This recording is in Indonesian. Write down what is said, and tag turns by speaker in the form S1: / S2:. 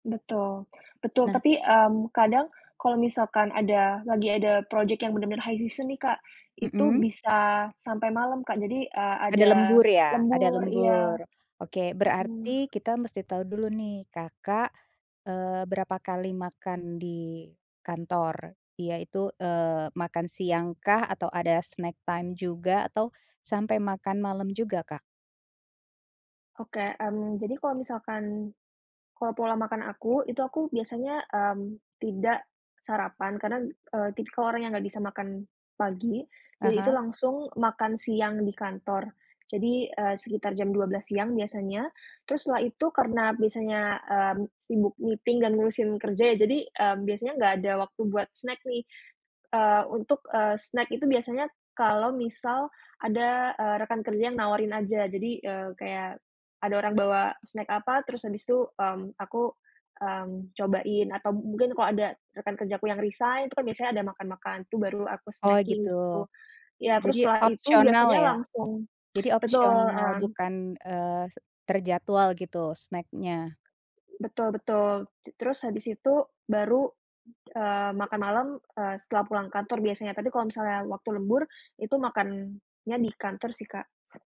S1: Betul. Betul
S2: Nah.
S1: tapi, mmm, kadang kalau misalkan ada lagi ada project yang bener-bener high season nih Kak, itu
S2: Hmm.
S1: bisa sampai malam Kak jadi, eee,
S2: Ada
S1: ada
S2: lembur ya? Ada
S1: lembur iya.
S2: lembur. Oke
S1: Hmm.
S2: berarti kita mesti tau dulu nih, Kakak, eee, berapa kali makan di kantor, yaitu, eee, makan siang kah atau ada snack time juga atau sampai makan malam juga Kak?
S1: Oke, mmm, jadi kalau misalkan kalau pola makan aku itu aku biasanya, mmm, tidak sarapan karena, eee, tik kalau orangnya nggak bisa makan pagi,
S2: Ah
S1: jadi itu
S2: hah.
S1: langsung makan siang di kantor. Jadi, eee, sekitar jam 12.00 siang biasanya terus setelah itu karena biasanya, mmm, sibuk meeting dan ngurusin kerja ya jadi, eee, biasanya nggak ada waktu buat snack nih. Eee, untuk, eee, snack itu biasanya kalau misal ada, eee, rekan kerja nawarin aja jadi, eee, kayak ada orang bawa snack apa terus habis itu, mmm, aku, mmm, cobain atau mungkin kalau ada rekan kerjaku yang resign itu kan biasanya ada makan-makan, itu baru aku
S2: Oh
S1: snacking
S2: gitu.
S1: di situ. Ya terus
S2: Jadi
S1: setelah itu
S2: opsional
S1: biasanya
S2: ya?
S1: langsung
S2: Jadi
S1: betul,
S2: opsional
S1: mmm
S2: bukan, eee, se terjadwal gitu snack-nya?
S1: Betul betul. T terus habis itu baru, eee, makan malam, eee, setelah pulang kantor biasanya, tapi kalau misalnya waktu lembur itu makannya di kantor sih Kak.